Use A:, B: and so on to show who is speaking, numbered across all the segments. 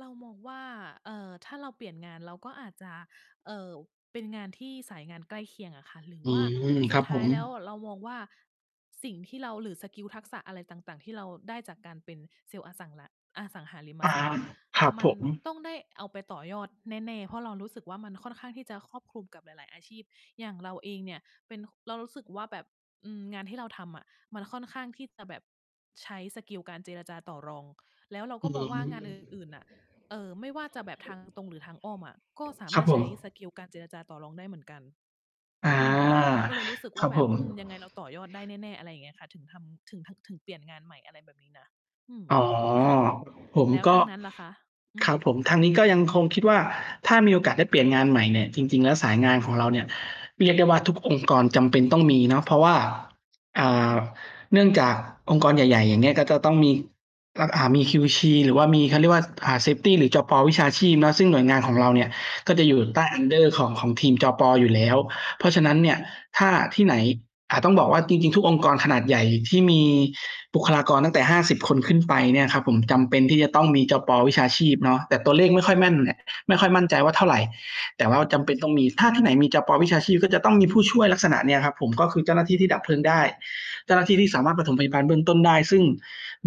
A: เรามองว่า เอ่อ ถ้าเราเปลี่ยนงาน เราก็อาจจะ เอ่อ เป็นงานที่สายงานใกล้เคียงอะค่ะ หรือ
B: อื
A: ว่า
B: ม
A: ส
B: ค
A: ุ
B: ร
A: ด
B: ับ
A: ท
B: ผ
A: ้าย
B: ม
A: แล้วเรามองว่า สิ่งที่เรา หรือสกิลทักษะอะไรต่าง ๆ ที่เราได้จากการเป็นเซลล์อสัง ล อสังหาริม
B: อา
A: ทรัพย์อะ
B: ครับ
A: มั
B: ผ
A: น
B: ม
A: ต้องได้เอาไปต่อยอดแน่ ๆ เพราะเรารู้สึกว่า มันค่อนข้างที่จะครอบคลุมกับหลาย ๆ อาชีพ อย่างเราเองเนี่ยเป็น เรารู้สึกว่า แบบ อืม งานที่เราทำอะ มันค่อนข้างที่จะแบบใช้สกิลการเจรจาต่อรอง แล้วเรา
B: อื
A: ก็มองว่างาน อื่
B: ม
A: น ๆ น่ะ เออ ไม่ว่าจะแบบทางตรงหรือทางอ้อมอะ ก็สา
B: ค
A: ม
B: รั
A: าร
B: บ
A: ถ
B: ผ
A: ใช้ส
B: ม
A: กิลการเจรจาต่อรองได้เหมือนกัน
B: อา
A: อืม เราก็เลยรู้สึก
B: ค
A: ว่
B: รั
A: า
B: บ
A: แบ
B: ผ
A: บ
B: ม
A: อืม ยังไงเราต่อยอดได้แน่ ๆ อะไรอย่างเงี้ยค่ะ ถึงทำ ถึง ถึงเปลี่ยนงานใหม่ อะไรแบบนี้นะ อืม
B: อ๋อ
A: ค่ะ
B: ผม
A: แล้ว
B: ก
A: ท
B: ็
A: างนั้นล่ะคะ? อื
B: ค
A: ม
B: รับผม ทางนี้ก็ยังคงคิดว่า ถ้ามีโอกาสได้เปลี่ยนงานใหม่เนี่ย จริง ๆ แล้วสายงานของเราเนี่ย เรียกได้ว่าทุกองค์กรจำเป็นต้องมีเนาะ เพราะว่า อ่
A: อื
B: า
A: ม
B: เนื่องจาก องค์กรใหญ่ ๆ อย่างเงี้ย ก็จะต้องมี อ อ่า มี QC หรือว่ามีเขาเรียกว่า อ่า เซฟตี หรือ จป. วิชาชีพเนาะ ซึ่งหน่วยงานของเราเนี่ย ก็จะอยู่
A: อ
B: ใต้
A: ืม
B: under ของ ของทีม จป. อยู่แล้ว เพราะฉะนั้น
A: อื
B: เ
A: อ
B: นี่
A: ฮ
B: ย
A: ึ
B: ถ้าที่ไหน อ่า ต้องบอกว่า จริง ๆ ทุกองค์กรขนาดใหญ่ที่มีบุคลากรตั้งแต่ 50 คนขึ้นไปเนี่ยครับผม จำเป็นที่จะต้องมี จป. วิชาชีพเนาะ แต่ตัวเลขไม่ค่อยแม่นน่ะ ไม่ค่อยมั่นใจว่าเท่าไร แต่ว่า
A: อื
B: จำเป็นต
A: ม
B: ้องมี ถ้าที่ไหนมี จป. วิชาชีพ ก็จะต้องมีผู้ช่วยลักษณะเนี้ยครับผม ก็คือเจ้าหน้าที่ที่ดับเพลิงได้ เจ้าหน้าที่
A: อ
B: ที
A: ื
B: ่สามารถป
A: ม
B: ฐมพยาบาลเบื้องต้นได้ ซึ่ง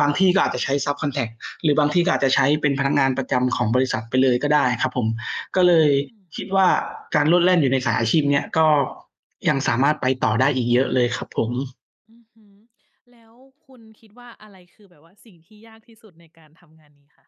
B: บางที
A: อ
B: ่
A: ื
B: ก็อาจจะใช
A: ม
B: ้ ซับคอนแทรก หรือบางที่ก็อาจจะใช้เป็นพนักงานประจำของบริษัทไปเลยก็ได้ครับผม ก็เลย
A: อืม
B: คิดว่า การโลดแล่นอยู่ในสายอาชีพเนี้ย ก็ยังสามารถไปต่อได้อีกเยอะเลยครับผม
A: อือฮึ แล้วคุณคิดว่า อะไรคือแบบว่าสิ่งที่ยากที่สุดในการทำงานนี้คะ?